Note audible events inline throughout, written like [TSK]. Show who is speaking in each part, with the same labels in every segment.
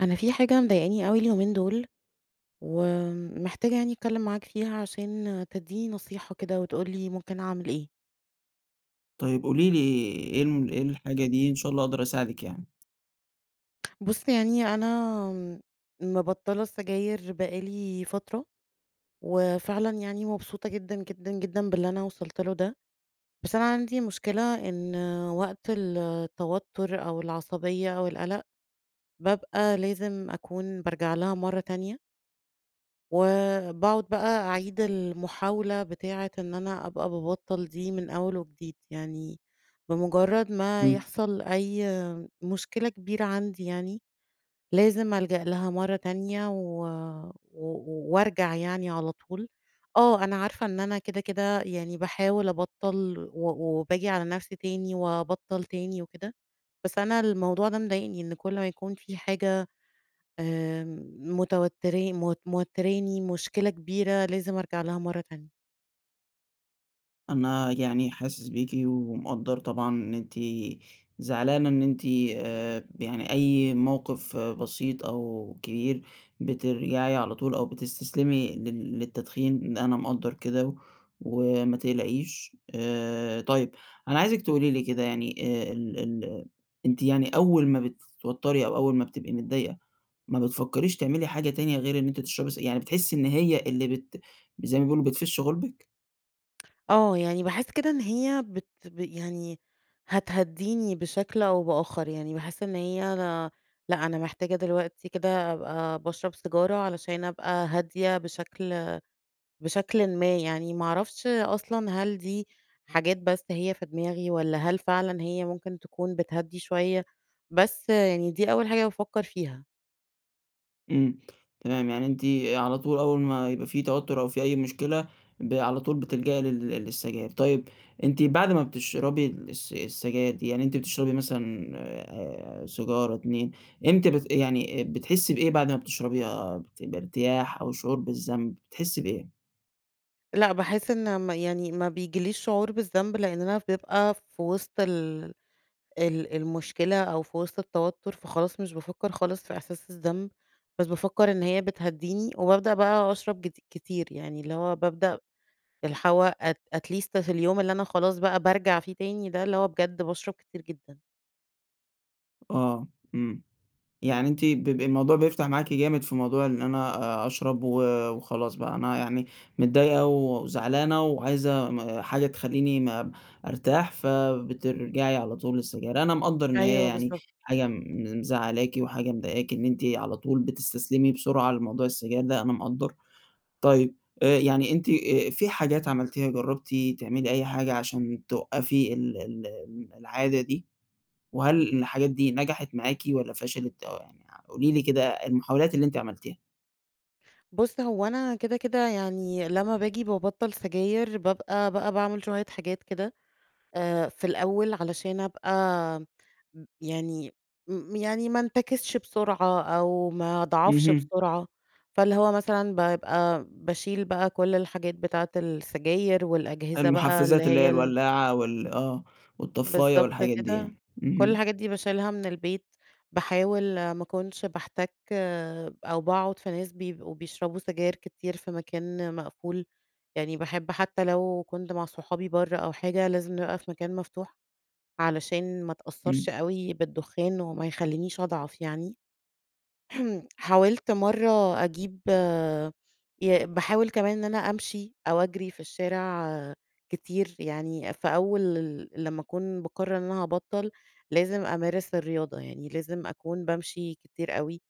Speaker 1: أنا في حاجة مضايقاني أوي اليومين دول، ومحتاجة يعني أتكلّم معاك فيها عشان تدّيني نصيحة كده، وتقول لي ممكن أعمل إيه؟
Speaker 2: طيب قولي لي إيه ال إيه الحاجة دي؟ إن شاء الله أقدر أساعدِك يعني.
Speaker 1: بُص يعني أنا مِبطّلة السجاير بقي لي فترة، وفعلًا يعني مبسوطة جدًا، جدًا، جدًا باللي أنا وصلت له ده. بس أنا عندي مشكلة، إن وقت التوتُّر، أو العصبية، أو القَلَق، بابقى لازم أكون بارجع لها مرّة تانية. وباقعد بقى أعيد المحاولة بتاعة إن أنا أبقى بابطّل دي من أول وجديد. يعني بمُجرّد ما
Speaker 2: إمم.
Speaker 1: يحصل أي مشكلة كبيرة عندي يعني، لازم ألجأ لها مرّة تانية، و و وارجع يعني على طول. آه، أنا عارفة إن أنا كده، كده يعني باحاول أبطّل، و وباجي على نفسي تاني وابطّل تاني وكده. بس أنا الموضوع ده مضايقني، إن كل ما يكون في حاجة آآ متوتّر م موتّراني، مشكلة كبيرة، لازم أرجع لها مرّة تانية.
Speaker 2: أنا يعني حاسس بيكِ، ومقدّر طبعًا إن أنتِ زعلانة إن أنتِ آآ يعني أي موقف بسيط أو كبير، بترجعي على طول أو بتستسلمي لل للتدخين. ن أنا مقدّر كده، وما تقلقيش. آآ طيّب، أنا عايزِك تقولي لي كده يعني آآ ال ال أنتِ يعني أوّل ما بتتوتّري، أو أوّل ما بتبقي متضايقة، ما بتفكّريش تعملي حاجة تانية غير إن أنتِ تشربي سج يعني بتحسّي إن هي اللي بت زي ما بيقولوا بتفِش غُلبِك؟
Speaker 1: آه، يعني باحس كده إن هي بت يعني هتهدّيني بشكل أو بآخر. يعني باحس إن هي لا لأ أنا محتاجة دلوقتي كده أبقى باشرب سيجارة، علشان أبقى هادية بشكل بشكلٍ ما يعني. ما أعرفش أصلًا هل دي حاجات بس هي في دماغي، والّا هل فعلًا هي ممكن تكون بتهدّي شويّة؟ بس يعني دي أوّل حاجة بافكّر فيها.
Speaker 2: إمم، تمام. يعني أنتِ على طول أوّل ما يبقى في توتّر، أو في أي مشكلة، ب على طول بتلجئي لل للسجائر. طيّب، أنتِ بعد ما بتشربي الس السجاير دي، يعني أنتِ بتشربي مثلًا آآ سيجارة، 2، إمتى بت يعني بتحسّي بإيه بعد ما بتشربيها؟ بت بارتياح، أو شعور بالذنب؟ بتحسّي بإيه؟
Speaker 1: لأ، باحس إن م يعني ما بيجيليش شعور بالذنب لأننا بنبقى في وسط ال ال المشكلة، أو في وسط التوتر فخلاص مش بافكَّر خالص في احساس الذنب، بس بافكَّر إن هي بتهدّيني وبابدأ بقى أشرب كتي كتير يعني اللي هو بابدأ اللي هو ات at at least في اليوم اللي أنا خلاص بقى بارجع فيه تاني ده اللي هو بجد باشرب كتير جدًا.
Speaker 2: آه، امم، يعني أنتِ ب ب الموضوع بيفتح معاكِ جامد في موضوع إن أنا أ اشرب و وخلاص بقى أنا يعني متضايقة وزعلانة وعايزة حاجة م تخليني ما ارتاح، فبترجعي على طول للسجاير، أنا مقدَّر إن هي
Speaker 1: أيوه،
Speaker 2: يعني
Speaker 1: بالضبط.
Speaker 2: حاجة م مزعلاكِ وحاجة مضايقاكِ إن أنتِ على طول بتستسلمي بسرعة لموضوع السجاير ده، أنا مقدَّر، طيب آآ، يعني أنتِ في حاجات عملتيها جربتِ تعملي أي حاجة عشان توقفي ال ال العادة دي؟ وهل الحاجات دي نجحت معاكِ والَّا فشلت، أو يعني قولي لي كده المحاولات اللي أنتِ عملتيها؟
Speaker 1: بُص، هو أنا كده كده يعني لما باجي بابطّل سجاير بابقى بقى باعمل شوية حاجات كده آآ، في الأول علشان ابقى يعني م يعني ما انتكسش بسرعة أو ما اضعفش
Speaker 2: اهم.
Speaker 1: بسرعة، فاللي هو مثلًا بابقى باشيل بقى كل الحاجات بتاعة السجاير، والأجهزة بقى اللي
Speaker 2: المحفّزات اللي هي
Speaker 1: هي ال
Speaker 2: الولّاعة وال آه، والطفّاية
Speaker 1: بالضبط
Speaker 2: والحاجات دي
Speaker 1: كده،
Speaker 2: يعني،
Speaker 1: كل
Speaker 2: اهم.
Speaker 1: الحاجات دي باشيلها من البيت باحاول ما اكونش باحتّك أو باقعد في ناس بيبقوا بيشربوا سجاير كتير في مكان مقفول، يعني باحب حتى لو كنت مع صحابي بره أو حاجة، لازم نبقى في مكان مفتوح، علشان ما اتأثرش
Speaker 2: إمم.
Speaker 1: أوي بالدخان، وما يخلينيش اضعف يعني، [CLEARS THROAT] حاولت مرة أجيب ي باحاول كمان إن أنا امشي أو اجري في الشارع كتير، يعني في أول ل لمَّا اكون باقرر إن أنا هابطل، لازم أمارس الرياضة يعني، لازم أكون بامشي كتير أوي،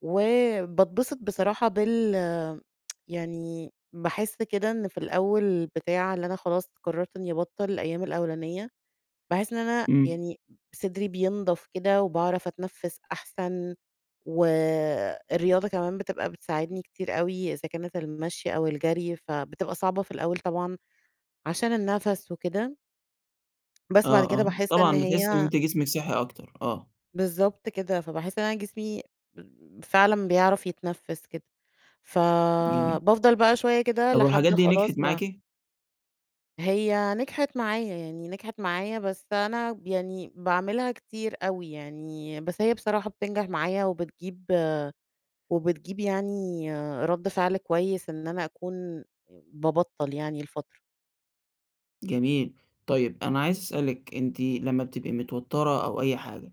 Speaker 1: وباتبسط بصراحة بال [TSK] يعني باحس كده إن في الأول بتاع اللي أنا خلاص قررت إني ابطل الأيام الأولانية، باحس إن أنا
Speaker 2: إمم.
Speaker 1: يعني صدري بينضف كده، وباعرف أتنفس احسن، و الرياضة كمان بتبقى بتساعدني كتير أوي، إذا كانت المشي أو الجري فبتبقى صعبة في الأول طبعًا عشان النفس وكده... بس بعد
Speaker 2: آه
Speaker 1: كده
Speaker 2: آه
Speaker 1: باحس إن
Speaker 2: طبعًا بتحسي إن
Speaker 1: هي
Speaker 2: أنتِ جسمِك صحي أكتر، آه.
Speaker 1: بالضبط كده، فباحس إن أنا جسمي فعلًا بيعرف يتنفِّس كده،
Speaker 2: جميل.
Speaker 1: فبافضل بقى شوية كده
Speaker 2: طب والحاجات
Speaker 1: لحد
Speaker 2: دي نجحت
Speaker 1: خلاص ما
Speaker 2: معاكِ؟
Speaker 1: هي نجحت معايا، يعني نجحت معايا، بس أنا يعني باعملها كتير أوي يعني، بس هي بصراحة بتنجح معايا وبتجيب وبتجيب يعني رد فعل كويس إن أنا أكون بابطّل يعني لفترة.
Speaker 2: جميل، طيب أنا عايز أسألِك، أنتِ لما بتبقي متوترة أو أي حاجة،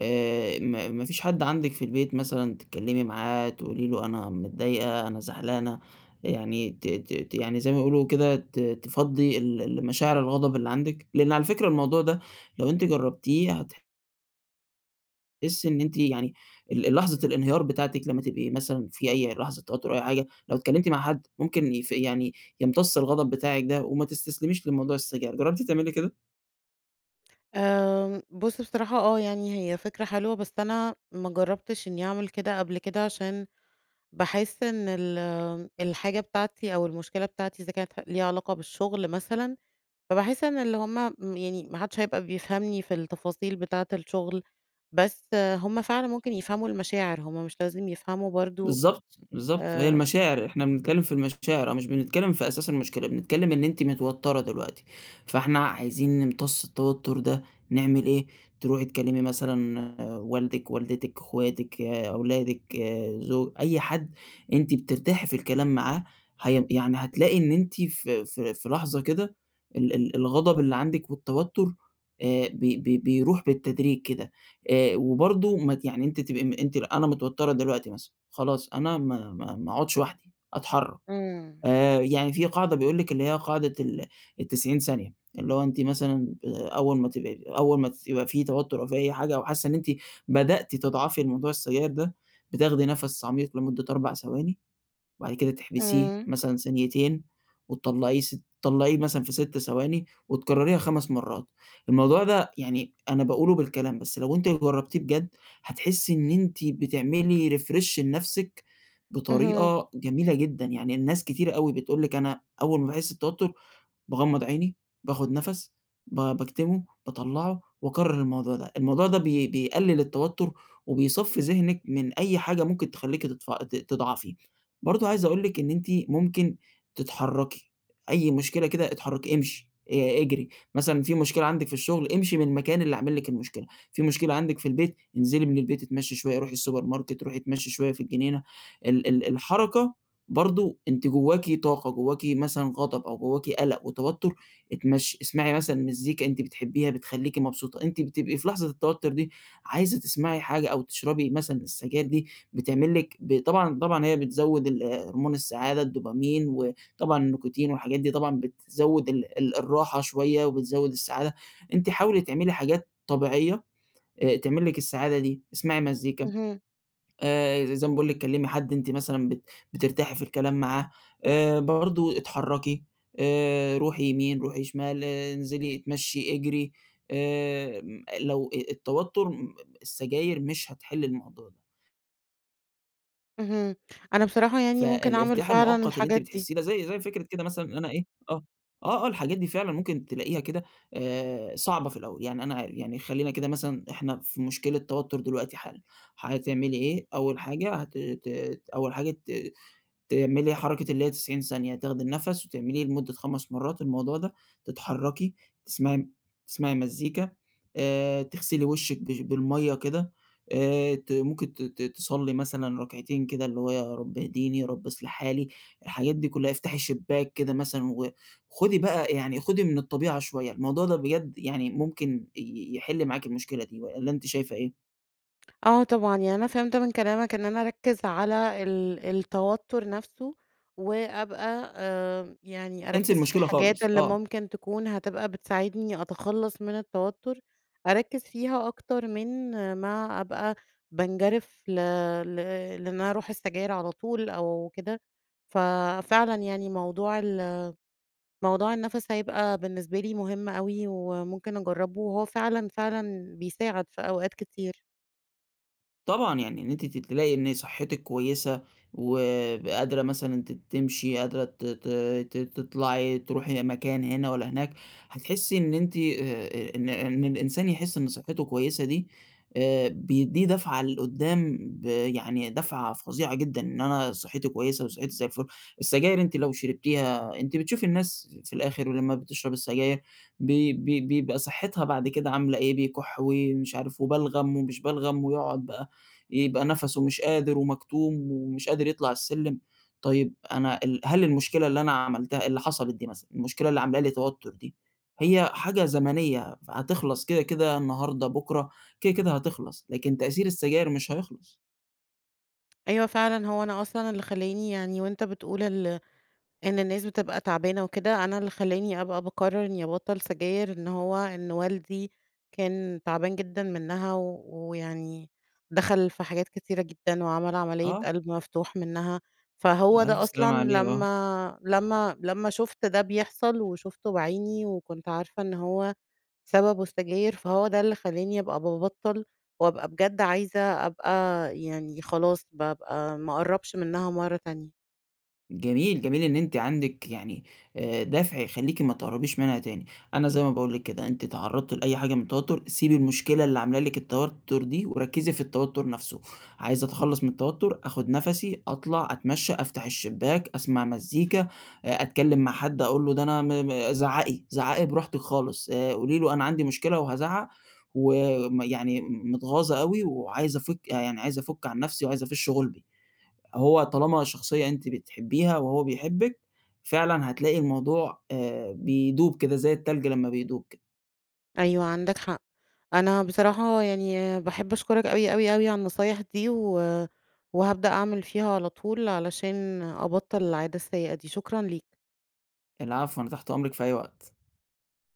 Speaker 2: آآ، ما ما فيش حد عندِك في البيت مثلًا تتكلمي معاه، تقولي له أنا متضايقة، أنا زعلانة، يعني ت ت ت يعني زي ما بيقولوا كده ت تفضّي ال ال مشاعر الغضب اللي عندِك؟ لأن على فكرة الموضوع ده لو أنتِ جربتيه هت تحسي إن أنتِ يعني ال ال لحظة الانهيار بتاعتِك لما تبقي مثلًا في أي لحظة توتر أو أي حاجة، لو اتكلمتي مع حد ممكن يف يعني يمتص الغضب بتاعِك ده، وما تستسلميش لموضوع السجاير، جربتِ تعملي كده؟
Speaker 1: آآ، بُصّ بصراحة آه، يعني هي فكرة حلوة، بس أنا ما جربتش إني أعمل كده قبل كده، عشان باحس إن ال الحاجة بتاعتي أو المشكلة بتاعتي إذا كانت ح ليها علاقة بالشغل مثلًا، فباحس إن اللي هُم يعني ما حدش هيبقى بيفهمني في التفاصيل بتاعة الشغل، بس هُم فعلًا ممكن يفهموا المشاعر، هُم مش لازم يفهموا برضو
Speaker 2: بالضبط، بالضبط، هي
Speaker 1: آآ
Speaker 2: المشاعر، إحنا بنتكلم في المشاعر، أو مش بنتكلم في أساس المشكلة، بنتكلم إن أنتِ متوترة دلوقتي، فإحنا عايزين نمتص التوتر ده، نعمل إيه؟ تروحي تكلمي مثلًا والدِك، والدتِك، أخواتِك، أولادِك، زو أي حد أنتِ بترتاحي في الكلام معاه، هي يعني هتلاقي إن أنتِ في في في لحظة كده ال ال الغضب اللي عندِك والتوتر، آآ، بي بي بيروح بالتدريج كده. آآ، وبرضو ما ت يعني أنتِ تبقي ام أنتِ أنا متوترة دلوقتي مثلًا، خلاص أنا ما ما ما أقعدش وحدي، أتحرك.
Speaker 1: إمم.
Speaker 2: آآ، يعني في قاعدة بيقول لِك اللي هي قاعدة ال ال90 ثانية، اللي هو أنتِ مثلًا آآ، أول ما تبقي أول ما ت يبقى في توتر أو في أي حاجة أو حاسة إن أنتِ بدأتِ تضعفي لموضوع السجاير ده، بتاخدي نَفَس عميق لمدة 4 ثواني، بعد كده تحبسيه
Speaker 1: إمم.
Speaker 2: مثلًا ثانيتين، وتطلعيه س طلعيه مثلًا في 6 ثواني، وتكرريها 5 مرات. الموضوع ده يعني أنا باقوله بالكلام، بس لو أنتِ جربتيه بجد هتحسي إن أنتِ بتعملي refresh لنَفسِك
Speaker 1: اهم.
Speaker 2: بطريقة جميلة جدًا، يعني الناس كتيرة أوي بتقول لِك أنا أول ما باحس بتوتر باغمض عيني، باخد نَفَس، ب باكتمه، باطلعه، وأكرر الموضوع ده، الموضوع ده بي بيقلل التوتر وبيصفي ذهنِك من أي حاجة ممكن تخليكِ تضفعي ت تضعفي، برضو عايز أقول لِك إن أنتِ ممكن تتحركي، أي مشكلة كده إتحركي، إمشي، آآ، إجري، مثلًا في مشكلة عندِك في الشغل، إمشي من المكان اللي عامل لِك المشكلة، فيه مشكلة عندِك في البيت، انزلي من البيت، إتمشي شوية، روحي السوبر ماركت، روحي إتمشي شوية في الجنينة، ال ال الحركة برضو أنتِ جواكِ طاقة، جواكِ مثلًا غضب أو جواكِ قلَق وتوتر، إتمشي، إسمعي مثلًا مزيكا أنتِ بتحبيها بتخليكِ مبسوطة، أنتِ بتبقي في لحظة التوتر دي عايزة تسمعي حاجة أو تشربي مثلًا السجاير دي بتعمل لِك ب طبعًا طبعًا هي بتزود ال هُرْمون السعادة الدوبامين، وطبعًا النيكوتين والحاجات دي طبعًا بتزود ال ال الراحة شوية وبتزود السعادة، أنتِ حاولي تعملي حاجات طبيعية، آآ، تعمل لِك السعادة دي، اسمعي مزيكا،
Speaker 1: اهم.
Speaker 2: آآ، ز زي ما باقول لِك، كلمي حد أنتِ مثلًا بت بترتاحي في الكلام معاه، آآ، برضو اتحركي، آآ، روحي يمين، روحي شمال، إنزلي إتمشي، إجري، آآ، لو أ التوتر [UNINTELLIGIBLE] السجاير مش هتحل الموضوع ده.
Speaker 1: اهم، أنا بصراحة يعني ممكن اعمل
Speaker 2: فالإرتياح
Speaker 1: فعلًا
Speaker 2: المؤقّت اللي أنتِ
Speaker 1: الحاجات دي.
Speaker 2: بتحسّيه ده زي زي فكرة كده مثلًا إن أنا إيه آه آه آه الحاجات دي فعلًا ممكن تلاقيها كده آآ، صعبة في الأوّل، يعني أنا عار يعني خلّينا كده مثلًا إحنا في مشكلة توتّر دلوقتي حالًا حتعملي إيه، أوّل حاجة هت ت أوّل حاجة ت تعملي حركة اللي هي 90 ثانية تاخدي النفس، وتعمليه لمدة 5 مرّات الموضوع ده، تتحركي تسمعي م تسمعي مزيكا آآ، تغسلي وِشّك بش بالمَيَّة كده آآ، ت ممكن ت ت تصلّي مثلًا ركعتين كده اللي هو يا رب اهديني، يا رب اصلح حالي، الحاجات دي كلّها افتحي شبّاك كده مثلًا، وخدي بقى يعني خدي من الطبيعة شويّة، الموضوع ده بجد يعني ممكن ي يحل معاكِ المشكلة دي والَّا أنتِ شايفة إيه؟
Speaker 1: آه طبعًا، يعني أنا فهمت من كلامك إن أنا أركِّز على ال التوتّر نفسه وأبقى آمم، يعني
Speaker 2: انسي
Speaker 1: اركِّز في
Speaker 2: المشكلة
Speaker 1: الحاجات
Speaker 2: خالص،
Speaker 1: اللي
Speaker 2: آه.
Speaker 1: ممكن تكون هتبقى بتساعدني أتخلَّص من التوتُّر، اركِّز فيها اكتر من ما ابقى بانجرف ل ل لإن أنا أروح للسجاير على طول أو كده، ف فعلًا يعني موضوع ال موضوع النَفَس هيبقى بالنسبة لي مهم أوي وممكن أجرّبه، وهو فعلًا فعلًا بيساعد في أوقات كتير.
Speaker 2: طبعًا يعني إن أنتِ ت تلاقي إن صحتِك كويسة، وقادرة مثلًا ت تمشي، قادرة ت ت ت تطلعي، تروحي مكان هنا والّا هناك، هتحسي إن أنتِ آآ إن إن الإنسان يحس إن صحته كويسة دي، آآ بيديه دفعة لقدام ب يعني دفعة فظيعة جدًا، إن أنا صحتي كويسة وصحتي زي الفل، السجاير أنتِ لو شربتيها أنتِ بتشوفي الناس في الآخر ولما بتشرب السجاير، بي بي بيبقى صحتها بعد كده عاملة إيه، بيكح ومش عارف وبلغم ومش بلغم ويقعد بقى، يبقى نفَسُه مش قادر ومكتوم ومش قادر يطلع السلم، طيب أنا ال هل المشكلة اللي أنا عملتها اللي حصلت دي مثلًا، المشكلة اللي عاملة لي توتر دي، هي حاجة زمنية فهتخلص كده، كده النهارده، بُكرة، كده كده هتخلص، لكن تأثير السجاير مش هيخلص.
Speaker 1: أيوه فعلًا هو أنا أصلًا اللي خلاني يعني وأنت بتقول ال إن الناس بتبقى تعبانة وكده، أنا اللي خلاني أبقى باقرر إني أبطل سجاير، إن هو إن والدي كان تعبان جدًا منها ويعني، دخل في حاجات كتيرة جدًا وعمل عملية
Speaker 2: آه.
Speaker 1: قلب مفتوح منها، فهو ده
Speaker 2: الف
Speaker 1: أصلًا
Speaker 2: سلامة عليه آه.
Speaker 1: لما لما لما شُفت ده بيحصل، وشُفته بعيني وكنت عارفة إن هو سببه السجاير، فهو ده اللي خلاني أبقى بابطل، وأبقى بجد عايزة أبقى يعني، خلاص بابقى ما أقربش منها مرة تانية.
Speaker 2: جميل، جميل إن أنتِ عندك يعني آآ دافع يخليكِ ما تقربيش منها تاني، أنا زي ما باقول لِك كده أنتِ اتعرضتِ لأي حاجة من التوتر، سيبي المشكلة اللي عاملة لِك التوتر دي وركزي في التوتر نفسُه، عايزة أتخلص من التوتر، آخد نفَسي، أطلع أتمشى، أفتح الشباك، أسمع مزيكا، أتكلم مع حد أقول له ده أنا م زعَّقي، زعَّقي براحتِك خالص، آآ قولي له أنا عندي مشكلة وهازعَّق، وم يعني متغاظة أوي وعايزة أفك يعني عايزة أفُك عن نفسي وعايزة أفش غلبي، هو طالما شخصية أنتِ بتحبيها وهو بيحبِك، فعلًا هتلاقي الموضوع آآ بيدوب كده، زي التلج لما بيدوب كده.
Speaker 1: أيوه عندك حق، أنا بصراحة يعني باحب أشكرك أوي، أوي، أوي، على النصايح دي، و وهابدأ أعمل فيها على طول، علشان أبطَّل العادة السيئة دي. شكرًا ليك.
Speaker 2: العفو، أنا تحت أمرِك في أي وقت.